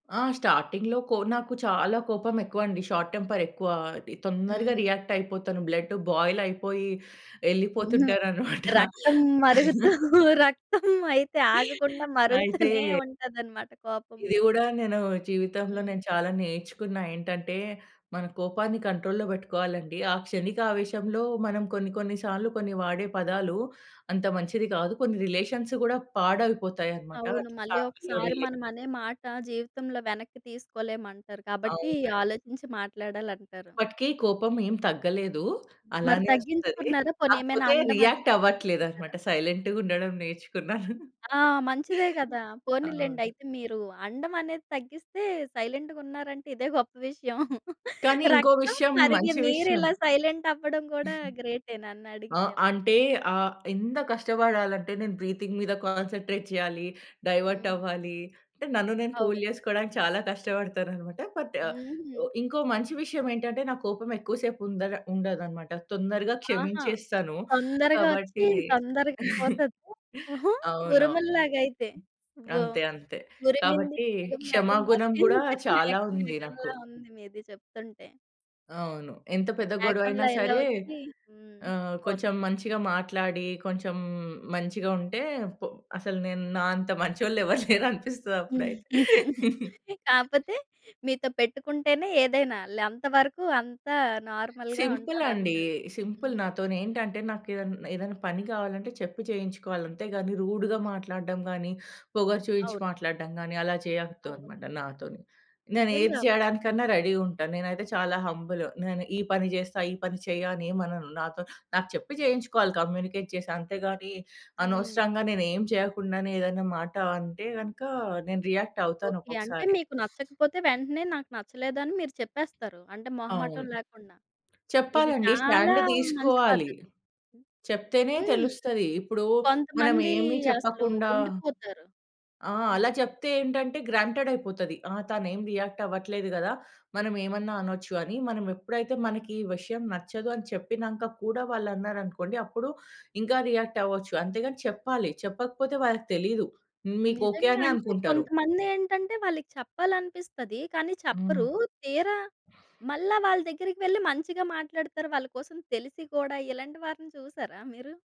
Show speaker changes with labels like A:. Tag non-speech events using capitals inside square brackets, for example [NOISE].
A: ఆ! స్టార్టింగ్‌లో కో నాకు చాలా కోపమెక్కువండి షార్ట్ టెంపరెక్కువా. అది తొందరగా
B: హ్మ్.
A: రియాక్టయిపోతాను. బ్లడ్ బాయిలైపోయి
B: హ్మ్.
A: ఎళ్ళిపోతుంటాననమాట.
B: రక్తం మరుగుతూ
A: [CHUCKLES]
B: రక్తమైతే ఆగకుండా మరుగుతూనే
A: అయితే
B: ఉంటదనమాట
A: ఇది
B: కోపంలో.
A: గూడా నేనూ జీవితంలో
B: హ్మ్.
A: నేను చాలా నేర్చుకున్నా ఏంటంటే, మన కోపాన్ని కంట్రోల్‌లో బెట్టుకోవాలండి. ఆ క్షణికవేశంలో మనం కొన్ని కొన్ని సార్లు కొన్ని వాడే పదాలు అంత మంచిది గాదు. కొన్ని రిలేషన్స్ గూడా పాడైపోతాయనమాట.
B: అవును.
A: అటు
B: మళ్ళీ
A: ఫ్యామిలీలో
B: ఒకసారి
A: రిలే
B: మనమనే మాట జీవితంలో వెనక్కి తీసుకోలేమంటారు. కాబట్టి
A: అవునండి.
B: ఆలోచించి మాట్లాడాలంటారు.
A: అప్పటికి కోపం ఏం తగ్గలేదు.
B: హ్మ్. మరి
A: అలానే ఒస్తది.
B: తగ్గించుకున్నారా? పోనీ ఏమైనా
A: కాకపోతే
B: అండం అది
A: రియాక్ట్
B: తగ్గిచుకున్నారా?
A: అవ్వట్లేదనమాట. సైలెంట్‌గా ఉండడం నేర్చుకున్నాను.
B: ఆ! మంచిదే
A: హ్మ్.
B: గదా!
A: హ్మ్.
B: పోనీలేండి
A: అవును.
B: అయితే మీరు అండం అనేది తగ్గిస్తే సైలెంటు‌గున్నారంటే ఇదే గొప్ప విషయం.
A: కానీ ఇంకో
B: రక్తం
A: విషయం
B: మరిగి
A: మంచి విషయం
B: మీరిలా సైలెంట్ అవ్వడం గూడా
A: [CHUCKLES]
B: గ్రేటే
A: ఆ!
B: నన్నడిగితే మరి.
A: అంటే ఆహ్, ఎంత కష్టబడాలంటే నేను బ్రీతింగ్ మీద కాన్సంట్రేట్ జేయాలి,
B: హ్మ్.
A: డైవర్టవ్వాలి అంటే నన్ను నేను కూల్
B: అవును.
A: జేసుకోడానికి చాలా కష్టబడతాననమాట. బట్ ఆహ్,
B: హుహు.
A: ఇంకో మంచి విషయమేంటంటే నాకు కోపమేక్కువ సేపు ఉందడ ఉండదనమాట. తొందరగా
B: ఆహా!
A: క్షమించేస్తాను.
B: తొందరగా ఒచ్చి
A: కాబట్టి
B: తొందరగా
A: [CHUCKLES]
B: పోతది. హుహు.
A: అవును.
B: ఉరుముల్లాగైతే ఓహ్!
A: అంతే. అంతే.
B: 'ఉరిమింది
A: కాబట్టి
B: మేఘం
A: క్షమా
B: మేఘం
A: గుణం గూడా
B: వర్షించి
A: చాలా
B: మేఘం
A: ఉంది నాకు.
B: మేఘంలా' ఉంది మీది జెప్తుంటే.
A: అవును. ఎంత పెద్ద గొడవైనా
B: బ్యాక్‌గ్రౌండ్‌లో ఇలా
A: సరే
B: ఒచ్చి హ్మ్.
A: ఆహ్, కొంచెం
B: పోతుంది.
A: మంచిగా మాట్లాడి కొంచెం మంచిగుంటే పొ అసలు నేను నా అంత మంచోళ్ళెవరు లేరనిపిస్తది అప్పుడైతే.
B: [CHUCKLES] కాపోతే మీతో పెట్టుకుంటేనే ఏదైనా. లంతవరకు అంతా నార్మల్‌గా
A: సింపులండి.
B: ఉంటదన్నారా?
A: సింపుల్
B: హ్మ్.
A: నాతోనేంటంటే నాకేదన ఏదన్నాపని గావాలంటే చెప్పి చేయించుకోవాలి. అంతేగానీ రూడ్‌గా
B: హ్మ్.
A: మాట్లాడ్డం గానీ, పొగరు చూయించి
B: అవును.
A: మాట్లాడ్దం గానీ అలా
B: అవును.
A: చేయొద్దనమాట నాతోని. నేనేది
B: నిజంగా.
A: చేయడానికన్నా రెడీ ఉంటా, నేనైతే చాలా హంబులు. నేను ఈ పని జేస్తా, ఈ పని చెయ్య అనేమనను. నాతో నాకు చెప్పి జేయించుకోవాలి కమ్యూనికేట్ చేసి అంతేగానీ
B: హ్మ్.
A: అనవసరంగా నేనేం చేయకుండానే ఏదైనా మాట అంటే గనక నేను రియాక్ట్ అవుతాను
B: ఓకే. అంటే
A: ఒక్కొక్కసారి.
B: మీకు నచ్చకపోతే వెంటనే నాకు నచ్చలేదని మీరు చెప్పేస్తారు. అంటే మొహమాటం
A: అవును.
B: లేకుండా. ఇది
A: చెప్పాలండి.
B: చాలా
A: స్టాండ్
B: మంచి
A: దీసుకోవాలి,
B: పద్ధతి.
A: చెప్తేనే
B: హ్మ్.
A: తెలుస్తది. ఇప్పుడు మనం
B: కొంతమందీ
A: ఏమి
B: అసలు
A: చెప్పకుండా
B: ఉండిపోతారు.
A: ఆ!
B: హ్మ్.
A: అలా జెప్తే ఏంటంటే గ్రాంటెడైపోతది. "ఆ! తనేం రియాక్ట్ అవ్వట్లేదు గదా! మనం ఏమన్నా అనచ్చు" అని మనం ఎప్పుడైతే మనకి ఈ విషయం నచ్చదు అని చెప్పినంక కూడా వాళ్ళు అన్నారనుకోండి అప్పుడు ఇంక రియాక్టవ్వొచ్చు. అంతేగానీ చెప్పాలి, చెప్పకపోతే వాళ్ళకి తెలీదు. మీకు ఓకే
B: నిజంగా
A: అనే
B: అంటే
A: అనుకుంటారు.
B: కొంతమందేంటంటే వాళ్ళకి చెప్పాలనిపిస్తది. కానీ చెప్పరు.
A: హ్మ్.
B: తీరా మళ్ళా వాళ్ళ దగ్గరికెళ్లి మంచిగా మాట్లాడతారు. వాళ్ళ కోసం తెలిసి కూడా ఇలాంటి వారిని చూసారా మీరు?